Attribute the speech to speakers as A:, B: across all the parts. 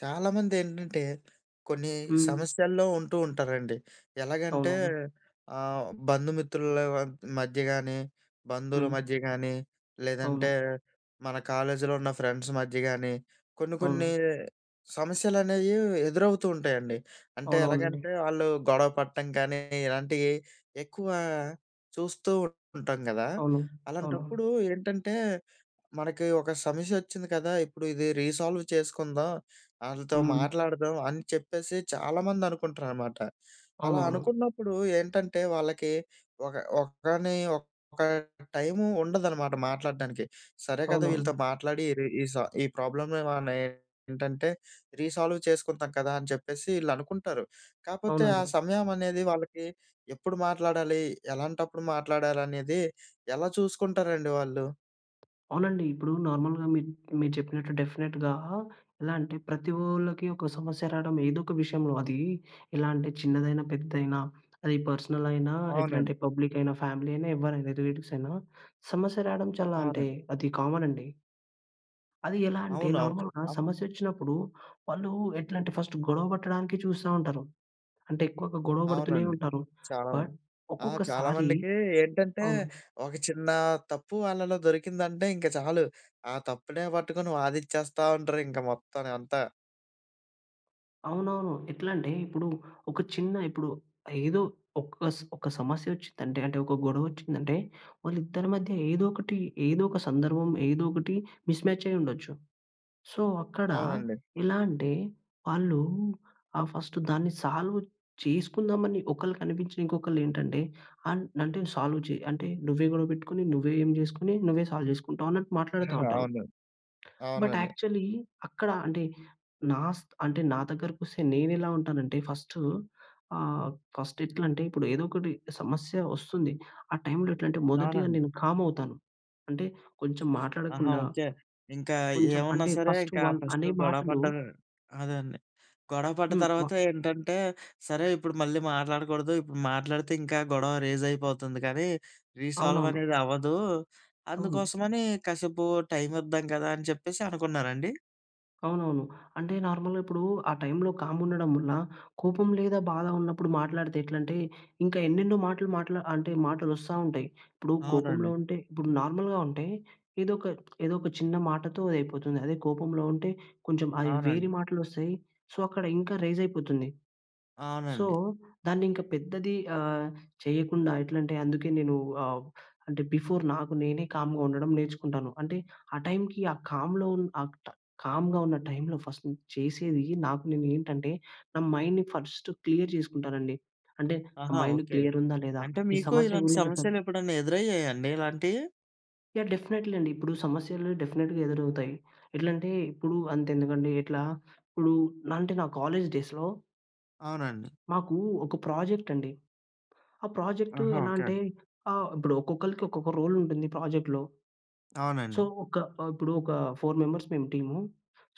A: చాలామందేంటంటే, కొన్ని
B: హ్మ్.
A: సమస్యల్లో ఉంటూ ఉంటారండి. ఎలాగంటే
B: అవునవును.
A: ఆహ్, బంధు మిత్రులవ మధ్య గానీ, బంధువుల
B: హ్మ్.
A: మధ్య గాని లేదంటే
B: అవును.
A: మన కాలేజులో ఉన్న ఫ్రెండ్స్ మధ్య గానీ, కొన్ని కొన్ని
B: అవును.
A: సమస్యలనేవి ఎదురవుతూ ఉంటాయండి. అంటే
B: అవునవునండీ.
A: ఎలాగంటే ఆళ్ళు గొడవ పటం కానీ ఇలాంటియి ఎక్కువ చూస్తూ ఉంటాం గదా.
B: అవును. అవునవును.
A: అలాంటప్పుడు ఏంటంటే, మనకి ఒక సమస్యొచ్చింది కదా, ఇప్పుడు ఇది రీసాల్వ్ చేసుకుందాం, ఆళ్ళతో
B: హ్మ్.
A: మాట్లాడదాం అని చెప్పేసి చాలామంది అనుకుంటారనమాట. అలా
B: అవునవును.
A: అనుకున్నప్పుడు ఏంటంటే, వాళ్ళకి ఒక ఒకని ఒక టైము ఉండదనమాట మాట్లాడ్డానికి. సరే గదా, వీళ్ళతో
B: అవునవును.
A: మాట్లాడి ఈ సా ఈ ప్రాబ్లమ్ మనం ఏంటంటే, రీసాల్వ్ చేసుకుందాం కదా అని చెప్పేసి ఈళ్ళు అనుకుంటారు. కాకపోతే ఆ
B: అవునండి.
A: సమయం అనేది వాళ్ళకి ఎప్పుడు మాట్లాడాలి? ఎలాంటప్పుడు మాట్లాడాలనేది ఎలా చూసుకుంటారండి వాళ్ళు?
B: అవునండి ఇప్పుడు నార్మల్‌గా మి మీరు చెప్పినట్టు డెఫినిట్‌గా ఎలా అంటే ప్రతి ఓళ్ళకి ఒక సమస్య రావడం ఏదో ఒక విషయంలో అది ఎలా అంటే, చిన్నదైనా, పెద్దదైనా అది పర్సనలయినా, ఎట్లా
A: అవునండి.
B: అంటే, పబ్లికయినా, ఫ్యామిలీ అయినా, ఎవరైనా రిలేటివ్స్ అయినా సమస్య రావడం చాలా అంటే
A: అవునండి.
B: అది కామనండి. అది ఎలా అంటే,
A: అవునవు
B: నార్మల్‌గా
A: అమ్
B: సమస్యొచ్చినప్పుడు వాళ్ళు ఎట్లా అంటే ఫస్టు గొడవ పట్టడానికి చూస్తా ఉంటారు. అంటే ఎక్కువగా గొడవ పడుతూనే
A: అవునండి,
B: ఉంటారు.
A: చాలామంది.
B: బట్
A: ఆ! చాలా
B: ఒక్కొక్కసారి
A: మందికి ఏంటంటే,
B: అవును.
A: ఒక చిన్న తప్పు వాళ్ళలో దొరికిందంటే ఇంక చాలు. ఆ తప్పునే పట్టుకొని వాదిచ్చేస్తా ఉంటారు ఇంక మొత్తంని అంతా.
B: అవునవును, ఎట్లంటే ఇప్పుడు, ఒక చిన్న ఇప్పుడు ఏదో ఒక స్ ఒక సమస్యొచ్చిందంటే, అంటే ఒక గొడవొచ్చిందంటే, వాళ్ళిద్దరి మధ్య ఏదోకటి, ఏదో ఒక సందర్భం, ఏదోకటి మిస్‌మ్యాచయ్యుండొచ్చు. సో, అక్కడ
A: అవునండి.
B: ఎలా అంటే వాళ్ళు ఆహ్, ఫస్టు దాన్ని సాల్వ్ చేసుకుందామని ఒకళ్ళకి అనిపించిన ఇంకొకళ్ళేంటంటే అన్ అంటే సాల్వ్ చే అంటే నువ్వే గొడవపెట్టుకొని, "నువ్వే ఏం జేసుకొని నువ్వే సాల్వ్ జేసుకుంటావా?" అన్నట్టు మాట్లాడతా ఉంటరు.
A: అవును.
B: బట్
A: అవునండి.
B: యాక్చువల్లీ అక్కడ అంటే నా స్ అంటే నా దగ్గరకొస్తే నేనెలా ఉంటాను అంటే ఫస్టూ ఆహ్, ఫస్ట్ ఎట్లంటే ఇప్పుడు ఏదోకటి సమస్య వస్తుంది. ఆ టైంలో ఎట్లంటే మొదటిగా
A: అవునండి.
B: నేను కామవుతాను. అంటే కొంచెం
A: ఆహా!
B: మాట్లాడకుండా
A: ఓకే. ఇంకా
B: కొంచెం
A: ఏమున్నా
B: అంటే
A: సరే
B: ఫస్ట్
A: ఇంకా
B: వాళ్లు
A: ఫస్టు
B: అనే
A: గొడవ
B: మాటలు
A: పడ్డమే అదే అండి. గొడవ పడ్డ
B: హ్మ్. వా
A: తర్వాత ఏంటంటే, సరే ఇప్పుడు మళ్ళీ మాట్లాడకూడదు. ఇప్పుడు మాట్లాడితే, ఇంకా గొడవ రేజయిపోతుంది గదీ! రీసాల్వ్
B: అవునవును.
A: అనేది అవ్వదు.
B: అవును.
A: అందుకోసమని కాసేపు టైం ఇద్దాం గదా అని చెప్పేసి అనుకున్నారాండీ?
B: అవునవును. అంటే నార్మల్‍గా ఇప్పుడు ఆ టైంలో కాముండడం వల్ల కోపం లేదా బాధ ఉన్నప్పుడు మాట్లాడితే ఎట్లంటే, ఇంక ఎన్నెన్నో మాటలు మాట్లా అంటే మాటలొస్తా ఉంటాయి. ఇప్పుడు కోపంలో
A: అవునండి.
B: ఉంటే ఇప్పుడు నార్మల్‍గా ఉంటే ఏదో ఒక ఏదో ఒక చిన్న మాటతో అది అయిపోతుంది. అదే కోపంలో ఉంటే కొంచెం అది వేరే
A: అవునండి.
B: మాటలొస్తాయి, సో, అక్కడ ఇంకా రైజయిపోతుంది. సో,
A: అవునండి.
B: దాన్నింక పెద్దది ఆహ్, చేయకుండా ఎట్లంటే అందుకే నేను ఆహ్, అంటే బిఫోర్ నాకు నేనే కామ్‌గా ఉండడం నేర్చుకుంటాను. అంటే ఆ టైంకి ఆ కామ్‌లో ఉ ఆ ట కామ్‌గా ఉన్న టైంలో ఫస్ట్ చేసేది నాకు నేనేంటంటే, నా మైండ్‌ని ఫస్ట్ క్లియర్ చేసుకుంటానండి. అంటే నా
A: ఆహా!
B: Mind
A: okay.
B: క్లియర్ ఉందా లేదా?
A: అంటే,
B: ఈ
A: మీకు
B: సమస్య
A: ఇలాంటి
B: గురించి అసలు
A: సమస్యలు ఎప్పుడన్నా ఎదురయ్యాయా అండి, ఇలాంటియి?
B: యాహ్! డెఫినైట్లీ అండి. ఇప్పుడు సమస్యలు డెఫినిట్‌గా ఎదురవుతాయి. ఎట్లంటే ఇప్పుడు అంతెందుకండి ఇట్లా ఇప్పుడు నా అంటే నా కాలేజీ డేస్‌లో
A: అవునండి.
B: మాకు ఒక ప్రాజెక్ట్ అండి. ఆ ప్రాజెక్టు
A: ఆహా!
B: ఎలా
A: ఓకే.
B: అంటే ఆహ్, ఇప్పుడు ఒక్కొక్కళ్ళకి ఒక్కొక్క రోలుంటుంది ప్రాజెక్ట్‌‌లో. సో
A: అవునండి.
B: ఒక ఆహ్, ఇప్పుడు ఒక ఫోర్ మెంబర్స్ మేము టీము.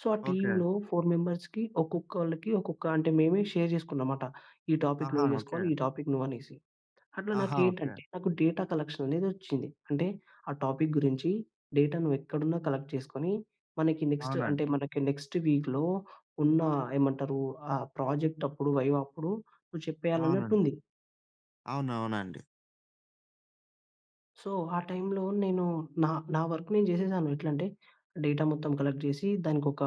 B: సో ఆ
A: ఓకే.
B: టీమ్‌లో ఫోర్ మెంబర్స్‌‌కి ఒక్కొక్కళ్ళకి ఒక్కొక్క అంటే మేమే షేర్ చేసుకున్నాం మాట. "ఈ టాపిక్
A: ఆహా!
B: నువ్వు
A: ఓకే.
B: చేసుకోవాలి", "ఈ టాపిక్ నువ్వనేసి." అట్లా నాకు
A: ఆహా! ఓకే.
B: ఏంటంటే నాకు డేటా కలెక్షననేది వచ్చింది. అంటే ఆ టాపిక్ గురించి డేటా నువ్వెక్కడున్నా కలెక్ట్ చేసుకుని, మనకి నెక్టు అంటే
A: అవునండి.
B: మనకి నెక్స్ట్ వీక్‌లో ఉన్న ఏమంటారు ఆ ప్రాజెక్టప్పుడు వైవా అప్పుడు, నువ్వు చెప్పేయాలన్నట్టు
A: అవునండి.
B: ఉంది.
A: అవునవునండీ.
B: సో ఆ టైంలో నేను నా నా వర్క్ నేను జేసేసాను. ఎట్లంటే డేటా మొత్తం కలెక్ట్ చేసి దానికొక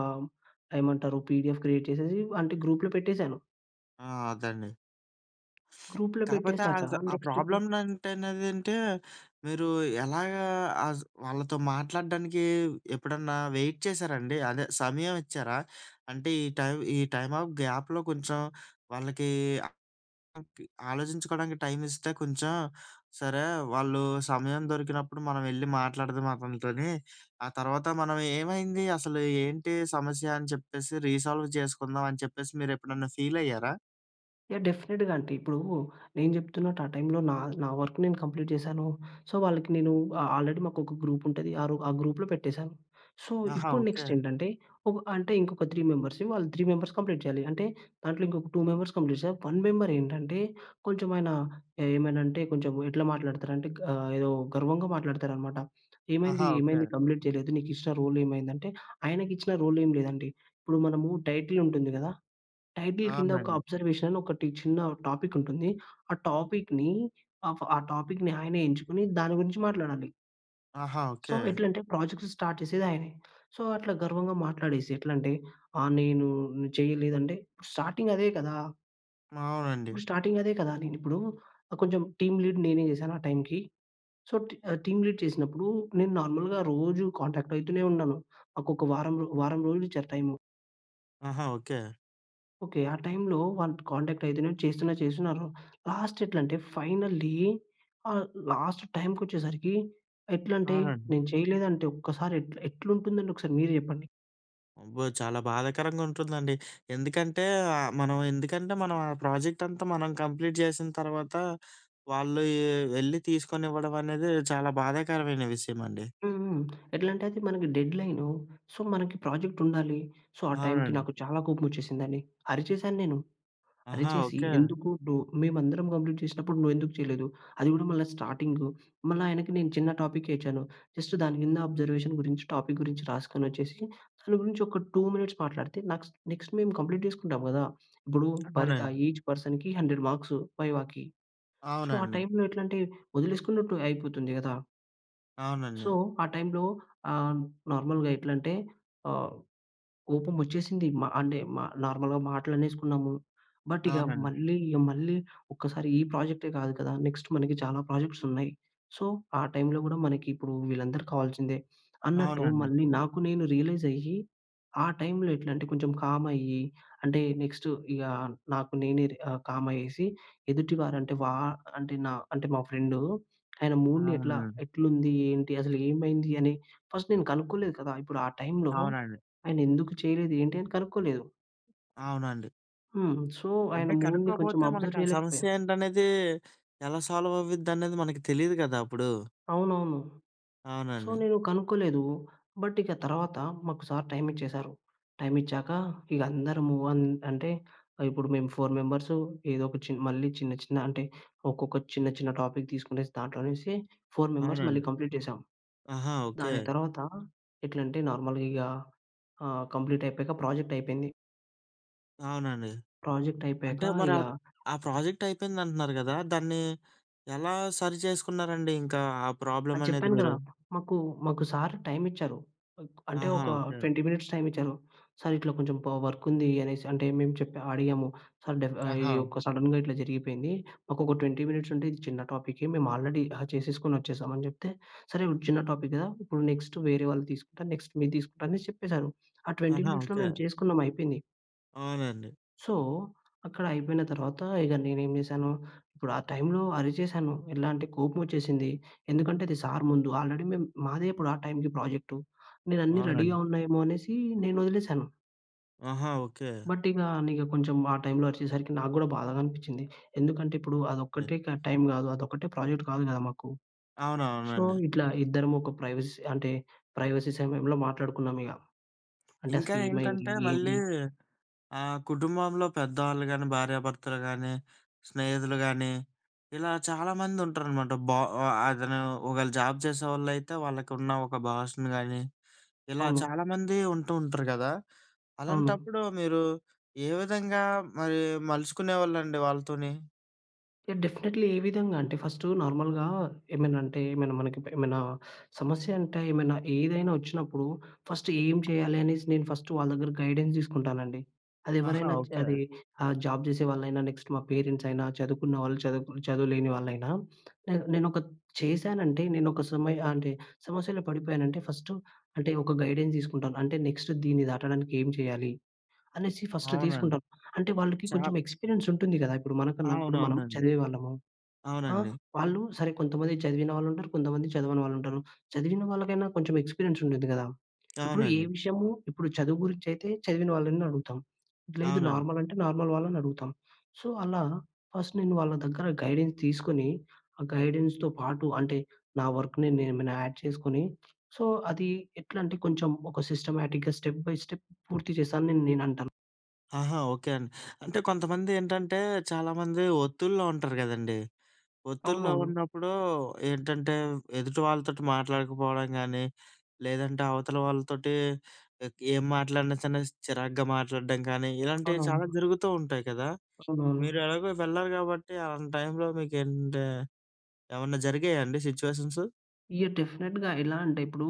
B: ఏమంటారు పిడిఎఫ్ క్రియేట్ చేసేసి అంటే గ్రూప్‌లో పెట్టేసాను.
A: ఆ! అదండి.
B: గ్రూప్‌లో
A: కాపోతే
B: పెట్టేసాక.
A: అస ఆ
B: నెక్స్ట్ ఇప్పు
A: ప్రాబ్లమ్ నంటే నదంటే మీరు ఎలాగా ఆస్ వాళ్ళతో మాట్లాడడానికి ఎప్పుడన్నా వెయిట్ చేసారా అండి? అదే సమయం ఇచ్చారా? అంటే ఈ టైం ఈ టైమ్ ఆఫ్ గ్యాప్‍లో కొంచెం వాళ్ళకి ఆ కి ఆలోచించుకోవడానికి టైం ఇస్తే కొంచెం, సరే వాళ్ళు సమయం దొరికినప్పుడు మనవెళ్లి మాట్లాడదాం అతనితోని. ఆ తర్వాత మనం ఏమైంది అసలు ఏంటి సమస్య అని చెప్పేసి రీసాల్వ్ చేసుకుందాం అని చెప్పేసి మీరెప్పుడైనా ఫీలయ్యారా?
B: యాహ్! డెఫినిట్‌గా. అంటే, ఇప్పుడు నేను జెప్తున్నట్టు ఆ టైంలో నా నా వర్క్ నేను కంప్లీట్ చేశాను. సో, వాళ్ళకి నేను ఆ ఆల్రెడీ మాకొక గ్రూపుంటది. ఆ రో ఆ గ్రూప్‌లో పెట్టేశాను. సో,
A: ఆహా!
B: ఇప్పుడు
A: ఓకే.
B: నెక్స్టేంటంటే, ఒక అంటే ఇంకొక త్రీ మెంబర్స్, వాళ్ళు త్రీ మెంబర్స్ కంప్లీట్ చేయాలి. అంటే, దాంట్లో ఇంకొక టూ మెంబర్స్ కంప్లీట్ చే వన్ మెంబరేంటంటే, కొంచెమాయనా ఏమైనా అంటే, కొంచెం ఎట్లా మాట్లాడతారంటే గా ఏదో గర్వంగా మాట్లాడతారనమాట. ఏమైంది,
A: ఆహా! ఓకే.
B: ఏమైంది కంప్లీట్ చేయలేదు, నీకిచ్చిన రోలేమైందంటే, ఆయనకిచ్చిన రోలేం లేదండి. ఇప్పుడు మనము టైటిలుంటుంది కదా? టైటిల్ కింద, ఒక
A: అవునండి.
B: అబ్జర్వేషన్ అని ఒకటి చిన్న టాపికుంటుంది. ఆ టాపిక్‌ని ఆఫ్ ఆ టాపిక్‌ని ఆయనే ఎంచుకొని దాని గురించి మాట్లాడాలి.
A: ఆహా!
B: So,
A: okay.
B: ఎట్లంటే! ప్రాజెక్ట్స్ స్టార్ట్ చేసేదయనే. సో, అట్లా గర్వంగా మాట్లాడేసి ఎట్లా అంటే, ఆ! నేను చేయలేదంటే స్టార్టింగదే కదా!
A: అవునండి.
B: ఇప్పుడు స్టార్టింగదే కదా! నేనిప్పుడు ఆహ్, కొంచెం టీమ్ లీడ్ నేనే చేశాను ఆ టైంకి. సో, టి టీమ్ లీడ్ చేసినప్పుడు, నేను నార్మల్‌గా రోజు కాంటాక్ట్ అయితూనే ఉండను. నాకొక వారం రో వారం రోలిచ్చారు టైము.
A: ఆహా! ఓకే.
B: ఓకే. ఆ టైంలో వాళ్ళు కాంటాక్ట్ అయితున్నారు, చేస్తున్నారు, చేస్తున్నారు. లాస్ట్ ఎట్లంటే, ఫైనల్లీ ఆహ్, లాస్ట్ టైమ్‌కొచ్చేసరికి, ఎట్లంటే,
A: అవునండి.
B: నేను చేయలేదంటే ఒక్కసారి ఎట్ల ఎట్లుంటుందండి? ఒకసారి మీరే చెప్పండి.
A: అబ్బో! చాలా బాధాకరంగా ఉంటుందండి. ఎందుకంటే ఆహ్, మనం ఎందుకంటే మనం ఆ ప్రాజెక్ట్ అంతా మనం కంప్లీట్ చేసిన తర్వాత, వాళ్ళు ఎ ఎళ్ళి తీసుకొనివ్వడం అనేది చాలా బాధాకరమైన విషయమండి.
B: హుహు. ఎట్లంటే అది మనకి డెడ్‌లైను. సో, మనకి ప్రాజెక్ట్ ఉండాలి. సో, ఆ టైంకి
A: అవునండి.
B: నాకు చాలా కోపం వచ్చేసిందండి. అరిచేశాను నేను.
A: ఆహా!
B: అరిచేసి,
A: ఓకే.
B: ఎందుకు డొ మేమందరం కంప్లీట్ చేసినప్పుడు, నువ్వు ఎందుకు చేయలేదు, అది కూడా మళ్ళా స్టార్టింగు. మళ్ళా ఆయనకి నేను చిన్న టాపిక్కే ఇచ్చాను. జస్ట్ దాని కింద అబ్జర్వేషన్ గురించి టాపిక్ గురించి రాసుకొనోచ్చేసి, దాని గురించి ఒక 2 మినిట్స్ మాట్లాడితే, నాక్స్ నెక్స్ట్ మేము కంప్లీట్ చేసుకుంటాం కదా! ఇప్పుడు పర్ ఆహ్,
A: అవునండి.
B: ఈచ్ పర్సన్‌కి, 100 మార్క్స్ వైవాకి. సో, ఆ
A: అవునండి.
B: టైంలో ఎట్లాంటే, వదిలేసుకున్నట్టు అయిపోతుంది కదా! సో,
A: అవునండి.
B: ఆ టైంలో ఆహ్, నార్మల్‌గా ఎట్లంటే, ఆహ్, కోపం వచ్చేసింది మ అంటే మ నార్మల్‌గా మాటలనేసుకున్నాము. బట్, ఇక
A: అవునండి.
B: మళ్ళీ, మళ్ళీ ఒక్కసారి ఈ ప్రాజెక్టే కాదు కదా, నెక్స్ట్ మనకి చాలా ప్రాజెక్ట్స్ ఉన్నాయి. సో, ఆ టైంలో కూడా మనకి ఇప్పుడు వీళ్ళందరు కావాల్సిందే, అన్నట్టు
A: అవునండి.
B: మళ్ళీ నాకు నేను రియలైజ్ అయ్యి, ఆ టైంలో ఎట్లాంటే కొంచెం కామ్ అయ్యి, అంటే నెక్స్ట్ ఇగ నాకు నేనే రి ఆహ్, కామ్ అయ్యేసి, ఎదుటివారు అంటే వ అంటే న అంటే మా ఫ్రెండ్ ఆయన మూడ్‌ని ఎట్లా
A: అవునండి.
B: ఎట్లుంది, ఏంటి, అసలు ఏమైంది అని, ఫస్ట్ నేను కనుక్కోలేదు కదా! ఇప్పుడు ఆ టైంలో
A: అవునండి.
B: ఆయనేందుకు చేయలేదు, ఏంటి, అని కనుక్కోలేదు.
A: అవునండి.
B: హ్మ్. సో ఆయన
A: అంటే
B: మూడ్‌ని కొంచెం
A: కనుక్కోపోతే మనకు
B: అబ్జర్వ్
A: ఆ
B: చేయలేకపోయా.
A: సమస్య ఏంటనేది ఎలా సాల్వ్ అవ్విద్ధి అనేది మనకి తెలీదు కదా అప్పుడు.
B: అవునవును. సో
A: అవునండి.
B: నేను కనుక్కోలేదు. బట్ ఇక తర్వాత మాకు సార్ టైం ఇచ్చేసారు. టైం ఇచ్చాక ఇక అందరము అం అంటే ఆహ్, ఇప్పుడు మేము 4 మెంబర్స్ ఏదో ఒక చిన్ మళ్ళీ చిన్న, చిన్న అంటే ఒక్కొక్క చిన్న, చిన్న టాపిక్ తీసుకునేసి దాంట్లోనుంచి 4 మెంబర్స్ మళ్ళీ
A: అవునండి.
B: కంప్లీట్ చేశాం.
A: ఆహా! ఓకే.
B: దాని తర్వాత ఎట్లంటే నార్మల్‌గా ఇగా ఆహ్, కంప్లీట్ అయిపోయాక ప్రాజెక్ట్ అయిపేంది.
A: అవునండి.
B: ప్రాజెక్ట్ అయిపోయాక
A: అంటే మరి
B: ఇగ
A: ఆ, ఆ ప్రాజెక్ట్ అయిపేందంటున్నారు కదా! దాన్ని ఎలా సరి చేసుకున్నారండి ఇంకా ఆ
B: ఆ!
A: ప్రాబ్లమ్ అనేది
B: చెప్పాను కదా!
A: మీరు?
B: మాకు, మాకు సార్ టైం ఇచ్చారు. అంటే
A: ఆహా!
B: ఒక
A: ఓకే.
B: 20 మినిట్స్ టైమ్ ఇచ్చారు. "సార్ ఇట్లా కొంచెం పా వర్క్ ఉంది" అనేసి అంటే మేము చెప్పా అడిగాము. "సార్ డెఫ్ ఆహ్, ఇది
A: ఆహా!
B: ఒక సడన్‌గా ఇట్లా జరిగిపేంది మాకు ఒక 20 మినిట్స్ ఉంటే ఇది చిన్న టాపికే మేము ఆల్రెడీ డ్రా చేసేసుకొని వచ్చేసామని" చెప్తే, "సరే చిన్న టాపిక్ కదా! ఇప్పుడు నెక్స్ట్ వేరే వాళ్ళు తీసుకుంటా నెక్స్ట్ మీరు తీసుకుంటా" అని చెప్పేసారు. ఆ 20
A: ఆహా!
B: మినిట్స్‌లో
A: ఓకే.
B: మేము చేసుకున్నాం అయిపేంది.
A: అవునండి.
B: సో అక్కడ అయిపోయిన తర్వాత ఇగ నేనేం చేశాను, ఇప్పుడు ఆ టైంలో అరిచేశాను. ఎలా అంటే కోపమొచ్చేసింది. ఎందుకంటే అది సార్ ముందు ఆల్రెడీ మేము మాదే ఇప్పుడు ఆ టైంకి ప్రాజెక్టు నేను అన్ని
A: అవునండి.
B: రెడీ‌గా ఉన్నాయేమో అనేసి నేను వదిలేసాను.
A: ఆహా! ఓకే.
B: బట్ ఇగా అన్నిగ కొంచుం ఆ టైంలో అరిచేసరికి నాకు గూడా బాధగా అనిపిచ్చింది. ఎందుకంటే, ఇప్పుడు
A: రె
B: అదొక్కటే క టైం గాదు. అదొక్కటే ప్రాజెక్ట్ కాదు కదా! మాకు. సో,
A: అవునవునండి.
B: ఇట్లా ఇద్దరమొక ప్రైవసీ అంటే, ప్రైవసీ సమయంలో మాట్లాడుకున్నామిగ. అంటే,
A: ఇంకా
B: అసలేమైంది?
A: ఏంటంటే, మళ్ళీ
B: ఏంది?
A: ఆహ్, కుటుంబంలో పెద్దవాళ్ళు గానీ, భార్యాభర్తలు గానీ, స్నేహితులు గానీ, ఇలా చాలామందుంటరనమాట. బ ఆహ్, అతనూ ఒకవేళ జాబ్ చేసేవాళ్ళయితే, వాళ్ళకున్న ఒక బాసును గానీ, ఇలా
B: అవును.
A: చాలామంది ఉంటూ ఉంటరు గదా!
B: అవును.
A: అలాంటప్పుడు మీరు ఏ విధంగా మరి మలుచుకునేవాళ్ళండి వాళ్ళతోని?
B: యాహ్! డెఫినెట్లీ. ఏ విధంగంటే, ఫస్టు నార్మల్‌గా ఏమైనంటే, ఏమైనా మనకి ప్ ఏమైనా సమస్యంటే, ఏమైనా ఏదైనా ఒచ్చినప్పుడు, ఫస్ట్ ఏం చెయ్యాలి అనేసి, నేను ఫస్టు వాళ్ళ దగ్గర గైడెన్స్ తీసుకుంటానండి.
A: ఆహా!
B: అదెవ్వరైనా జ్
A: ఓకే.
B: అదీ ఆహ్, జాబ్ జేసే వాళ్ళైనా, నెక్స్ట్ మా పేరెంట్సయినా, చదువుకున్న వాళ్ళు, చదువుకు చదువు లేని వాళ్ళైనా, నేను నేనొత్ చేశానంటే, నేనొక సమయ అంటే, సమస్యలో పడిపోయానంటే, ఫస్టు అంటే, ఒక గైడెన్స్ తీసుకుంటాను. అంటే, నెక్స్ట్ దీన్ని దాటడానికేం చెయ్యాలి, అనేసి ఫస్ట్
A: అవునండి.
B: తీసుకుంటాను. అంటే వాళ్ళకి
A: చా
B: కొంచుం ఎక్స్పీరియన్సుంటుంది గదా! ఇప్పుడు మనకున్నప్పుడు మనం
A: అవునవునండి.
B: చదివేవాళ్ళము. ఆహ్,
A: అవునండి.
B: వాళ్ళూ సరే, కొంతమంది చదివిన వాళ్ళుంటారు, కొంతమంది చదవని వాళ్ళుంటారు. చదివిన వాళ్ళకైనా కొంచెం ఎక్స్‌పీరియన్సుండిద్ది గదా! ఇప్పుడు ఏ
A: అవునండి.
B: విషయము, ఇప్పుడు చదువు గురించయితే, చదివిన వాళ్ళని అడుగుతాం. లేదు
A: అవునండి.
B: నార్మలంటే, నార్మల్ వాళ్ళనడుగుతాం. సో, అలా ఫస్ట్ నేను వాళ్ళ దగ్గర గైడెన్స్ తీసుకొని, ఆ గైడెన్స్‌తో పాటు అంటే, నా వర్కుని నేనేమైనా యాడ్ చేసుకొని, సో, అదీ ఎట్లంటే, కొంచం ఒక సిస్టమాటిక్‌గా స్టెప్ బై స్టెప్ పూర్తి చేశానని నేనంటాను.
A: ఆహా! ఓకే అండి. అంటే, కొంతమంది ఏంటంటే, చాలామంది ఒత్తిడిలో ఉంటారు గదండీ! ఒత్తిడిలో
B: అవునవును.
A: ఉన్నప్పుడూ ఏంటంటే, వ్ ఎదుటి వాళ్ళతోటి మాట్లాడకపోడం గానీ, లేదంటే అవతల వాళ్ళతోటి ఎక్ ఏం మాట్లాడినా చిన్న చిరాగ్గా మాట్లాడడం కానీ, ఇలాంటియి చాలా
B: అవునవును.
A: జరుగుతూ ఉంటాయి కదా! మీరు
B: అవునవును.
A: ఎలాగో వెళ్లాలి గాబట్టి, అలాంటి టైంలో మీకేంటంటే, ఏవన్నా జరిగాయా అండి సిచ్యువేషన్స్?
B: యాహ్! డెఫినెట్‌గా. ఎలా అంటే, ఇప్పుడూ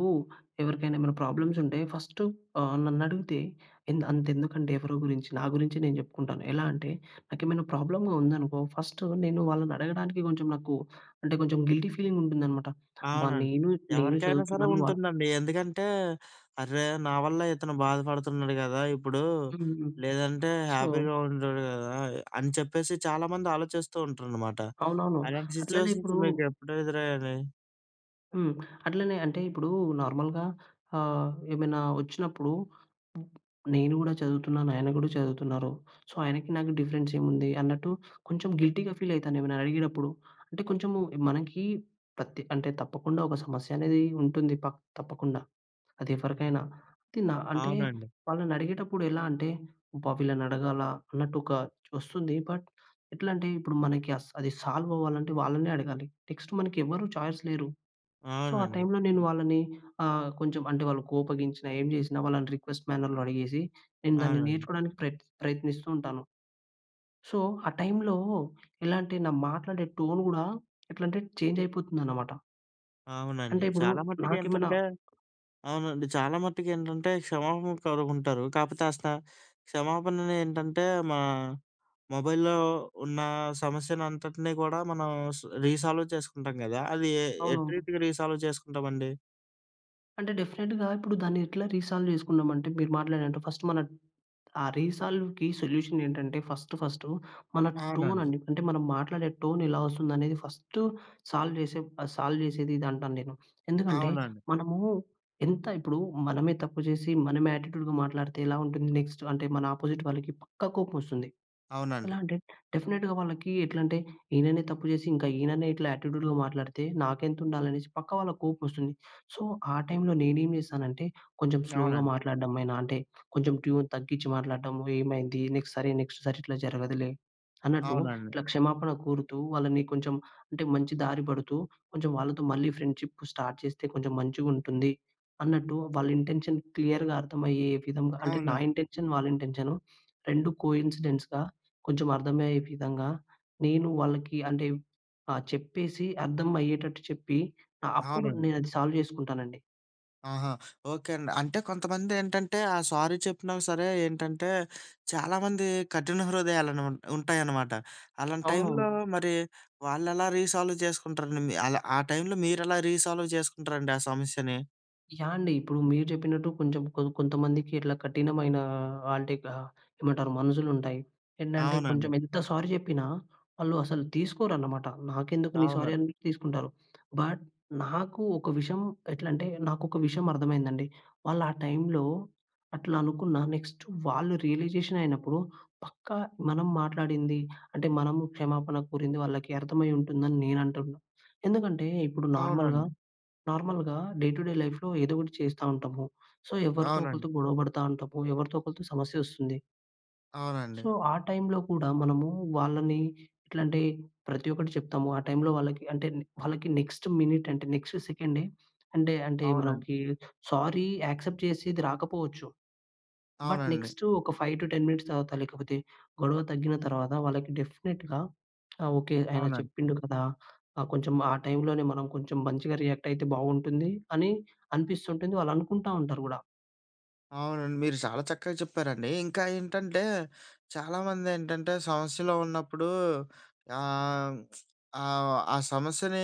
B: ఎవరికైనా ఏమన్నా ప్రాబ్లమ్సుంటే, ఫస్టు ఆహ్, నన్నడుగుతే ఎంద్ అంతెందుకండి ఎవరో గురించి, నా గురించే నేను జెప్పుకుంటాను. ఎలా అంటే, నాకేమైనా ప్రాబ్లమ్‌గా ఉందనుకో, ఫస్ట్ నేను వాళ్ళనడగడానికి కొంచెం నాకు అంటే, కొంచెం గిల్టీ ఫీలింగుంటుందనమాట. అబ్బా!
A: అవునండి.
B: నేనూ నేను
A: ఎవరికైనా సరే
B: చదువుతున్నాను, వా
A: ఉంటుందండి. ఎందుకంటే, "అర్రే! నా వల్లే ఇతను బాధపడుతున్నడు గదా! ఇప్పుడూ,
B: హ్మ్.
A: లేదంటే
B: సో
A: హ్యాపీగా ఉండేవాడు గదా!" అని చెప్పేసి చాలామంది ఆలోచిస్తూ ఉంటరనమాట.
B: అవునవును.
A: అలాంటి
B: అట్లనే
A: సిచ్యువేషన్స్
B: ఇప్పుడూ
A: మీకెప్పుడు ఎదురయ్యండి?
B: హ్మ్. అట్లనే అంటే, ఇప్పుడూ నార్మల్‍గా ఆహ్, ఏమైనా ఒచ్చినప్పుడు, హ్మ్, నేను గూడా చదువుతున్నాను, ఆయన కూడా చదువుతున్నారు. సో, ఆయనకి నాకు డిఫరెన్సేముంది అన్నట్టు, కొంచెం గిల్టీగా ఫీలయితానెవరినన్న అడిగేటప్పుడు. అంటే, కొంచము ఎ మనకీ పత్తి అంటే, తప్పకుండా ఒక సమస్యనేదీ ఉంటుంది పక్ తప్పకుండా, అదెవ్వరికైనా.
A: అవును.
B: తి నా అంటే,
A: అవునండి.
B: వాళ్ళనడిగేటప్పుడెలా అంటే, "అబ్బా! వీళ్ళనడగాలా?" అన్నట్టొకా ఒస్తుంది, బట్ ఎట్లంటే, ఇప్పుడు మనకి అస్ అది సాల్వవ్వాలంటే, వాళ్ళనే అడగాలి. నెక్స్టు మనకి ఎవ్వరూ ఛాయిస్ లేరు. సో, ఆ
A: అవునండి.
B: టైంలో నేను వాళ్ళని ఆహ్, కొంచెం అంటే, వాళ్ళు కోపగించినా, ఏం జేసినా, వాళ్ళని రిక్వెస్ట్ మ్యానర్‌లో అడిగేసి, నేను దాన్ని
A: అవునండి.
B: నేర్చుకోడానికి ప్రయత్ ప్రయత్నిస్తూ ఉంటాను. సో, ఆ టైంలో ఎలా అంటే, నా మాట్లాడే టోన్ గూడా ఎట్లంటే, చేంజయిపోతుందనమాట.
A: అవునండి.
B: అంటే, ఇప్పుడు
A: చాలా
B: నాకేమనా
A: మట్టుకేంటంటే అవునండి. చాలా మట్టుకేంటంటే క్షమాపణ కోరుకుంటారు. కాకపోతే అసల క్షమాపణలు ఏంటంటే, మా మొబైల్‌లో ఉన్న సమస్యలంతటిని కూడా మనం స రీసాల్వ్ చేసుకుంటాం గదా! అది ఎటి
B: అవునవును.
A: రీతిగా రీసాల్వ్ చేసుకుంటామండి?
B: అంటే, డెఫినిట్‌గా ఇప్పుడు దాన్ని ఎట్లా రీసాల్వ్ చేసుకున్నాం అంటే, మీరు మాట్లాడినట్టు ఫస్ట్ మన ఆ రీసాల్వ్‌కి సొల్యూషన్ ఏంటంటే ఫస్టు ఫస్టు మన టోన్
A: అవునండి.
B: అండి. అంటే మనం మాట్లాడే టోన్ ఎలా వస్తుంది అనేది ఫస్టు సాల్వ్ చేసే ఆహ్, సాల్వ్ చేసేదిదంటాను నేను. ఎందుకంటే
A: అవునండి.
B: మనము ఎంత ఇప్పుడు మనమే తప్పు చేసి, మనమే యాటిట్యూడ్‌గా మాట్లాడితే ఎలా ఉంటుంది? నెక్స్ట్ అంటే మన అపోజిట్ వాళ్ళకి పక్కా కోపమొస్తుంది.
A: అవునండి.
B: ఎలా అంటే డెఫినిట్‌గా వాళ్ళకి ఎట్లా అంటే, "ఈననే తప్పు చేసి ఇంకా ఈననే ఇట్లా యాటిట్యూడ్‌లో మాట్లాడితే నాకెంతుండాలి" అనేసి పక్క వాళ్ళకి కోపమొస్తుంది. సో, ఆ టైంలో నేనేమి చేశానంటే కొంచెం స్లోగా
A: అవునండి.
B: మాట్లాడడం అయిన అంటే కొంచెం ట్యూన్ తగ్గించి మాట్లాడడము. ఏమైంది? నెక్స్ట్ సరే, నెక్స్ట్ సారి ఇట్లా జరగదులే అన్నట్టు,
A: అవునండి.
B: ఇట్ల క్షమాపణ కోరుతూ వాళ్ళని కొంచెం అంటే మంచి దారి పడుతూ కొంచెం వాళ్ళతో మళ్ళీ ఫ్రెండ్‌షిప్ స్టార్ట్ చేస్తే కొంచెం మంచిగుంటుంది అన్నట్టు వాళ్ళ ఇంటెన్షన్ క్లియర్‌గా అర్థమయ్యే విధంగా, అంటే నా
A: అవునండి.
B: ఇంటెన్షన్, వాళ్లింటెన్షన్ 2 కోయిన్సిడెన్స్‌గా కొంచెం అర్థమయ్యే విధంగా నేను వాళ్ళకి అంటే ఆహ్, చెప్పేసి అర్థం అయ్యేటట్టు చెప్పి అ అప్పుడు
A: అవునండి.
B: నేనది సాల్వ్ చేసుకుంటానండి.
A: ఆహా! ఓకే. అండి. అంటే కొంతమంది ఏంటంటే ఆ సారీ చెప్పినా సరే ఏంటంటే, చాలామంది కఠిన హృదయాలని ఉ ఉంటాయన్నమాట. అలాంటి టైంలో
B: అవునవును.
A: మరి వాళ్ళేలా రీసాల్వ్ చేసుకుంటారండి? మి అలా ఆ టైంలో మీరేలా రీసాల్వ్ చేసుకుంటారండి ఆ సమస్యని?
B: యాహ్! అండి. ఇప్పుడు మీరు జెప్పినట్టు కొంచెం కొ కొంతమందికి ఇట్లా కఠినమైన ఆహ్, అంటే ఆహ్, ఏమంటారు మనసులుంటాయి. ఏంటంటే
A: అవునండి.
B: కొంచెం ఎంత సారీ చెప్పినా వాళ్ళు అసలు తీసుకోరనమాట. నాకెందుకు నీ సారీ
A: అవును.
B: అని తీసుకుంటారు. బట్ నాకు ఒక విషయం ఎట్లంటే నాకొక విషయం అర్థమైందండి. వాళ్ళా టైంలో అట్ల అనుకున్నా నెక్స్ట్ వాళ్ళు రియలైజేషన్ అయినప్పుడు పక్కా మనం మాట్లాడింది, అంటే మనం క్షమాపణ కోరింది వాళ్లకి అర్థమై ఉంటుందని నేను అంటున్నాను. ఎందుకంటే ఇప్పుడు నార్మల్‌గా
A: అవునండి.
B: నార్మల్‌గా డే టు డే లైఫ్‌లో ఏదో ఒకటి చేస్తా ఉంటాము. సో ఎవరితో
A: అవునండి.
B: ఒకరితో గొడవ పడతా ఉంటాము. ఎవరితో ఒకరితో సమస్య వస్తుంది.
A: అవునండి.
B: సో ఆ టైంలో కూడా మనము వాళ్ళని ఎట్లా అంటే ప్రతి ఒక్కటి చెప్తాము. ఆ టైంలో వాళ్ళకి అంటే వాళ్ళకి నెక్స్ట్ మినిట్ అంటే నెక్స్ట్ సెకండే అంటే అంటే మనకి
A: అవునండి.
B: సారీ యాక్సెప్ట్ చేసేది రాకపోవచ్చు. బట్
A: అవునండి.
B: నెక్స్ట్ ఒక 5-10 మినిట్స్ తర్వాత లేకపోతే గొడవ తగ్గిన తర్వాత వాళ్ళకి డెఫినిట్‌గా ఆ! ఓకే. ఆయన
A: అవునండి.
B: చెప్పిండు కదా అహ్, కొంచెం ఆ టైంలోనే మనం కొంచెం మంచిగా రియాక్ట్ అయితే బాగుంటుంది అని అనిపిస్తుంటుంది. వాళ్ళు అనుకుంటా ఉంటారు గూడ.
A: అవునండి. మీరు చాలా చక్కగా చెప్పారండి. ఇంకా ఏంటంటే చాలామందేంటంటే సమస్యలో ఉన్నప్పుడు ఆహ్, ఆహ్, ఆ సమస్యని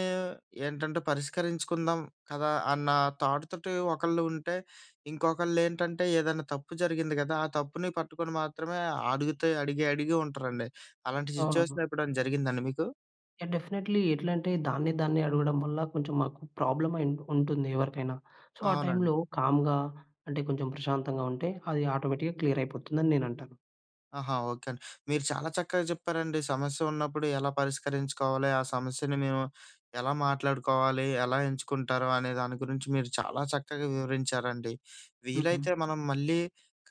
A: ఏంటంటే పరిష్కరించుకుందాం కదా! అన్న థాట్ తోటి ఒకళ్ళు ఉంటే, ఇంకొకళ్ళేంటంటే ఏదైనా తప్పు జరిగింది కదా! ఆ తప్పుని పట్టుకొని మాత్రమే అడుగుతే అడిగి, అడిగి ఉంటారండి. అలాంటి సిట్యుయేషన్
B: ఆహా!
A: ఎప్పుడైనా జరిగిందా అండి మీకు?
B: యాహ్! డెఫినైట్లీ. ఎట్లా అంటే దాన్ని దాన్ని అడగడం వల్ల కొంచెం మాకు ప్రాబ్లమ్ అయి ఉంటుంది ఎవరికైనా. సో ఆ
A: అవునండి.
B: టైంలో కామ్‌గా అంటే కొంచెం ప్రశాంతంగా ఉంటే. అది ఆటోమేటిక్‌గా క్లియర్ అయిపోతుందని నేనంటాను.
A: ఆహా! ఓకే అండి. మీరు చాలా చక్కగా చెప్పారండి. సమస్య ఉన్నప్పుడు ఎలా పరిష్కరించుకోవాలి? ఆ సమస్యని మేము ఎలా మాట్లాడుకోవాలి? ఎలా ఎంచుకుంటారు? అనే దాని గురించి మీరు చాలా చక్కగా వివరించారండి.
B: ఉహూ!
A: వీలైతే మనం మళ్ళీ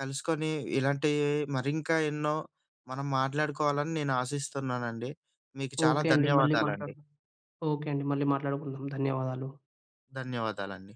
A: కలుసుకొని ఇలాంటి మరింకా ఎన్నో మనం మాట్లాడుకోవాలని నేను ఆశిస్తున్నానండి. మీకు చాలా
B: ఓకే. అండి మళ్ళీ
A: ధన్యవాదాలండి.
B: మాట్లాడదాం. ఓకే. అండి మళ్ళీ మాట్లాడుకుందాం. ధన్యవాదాలు.
A: ధన్యవాదాలండి.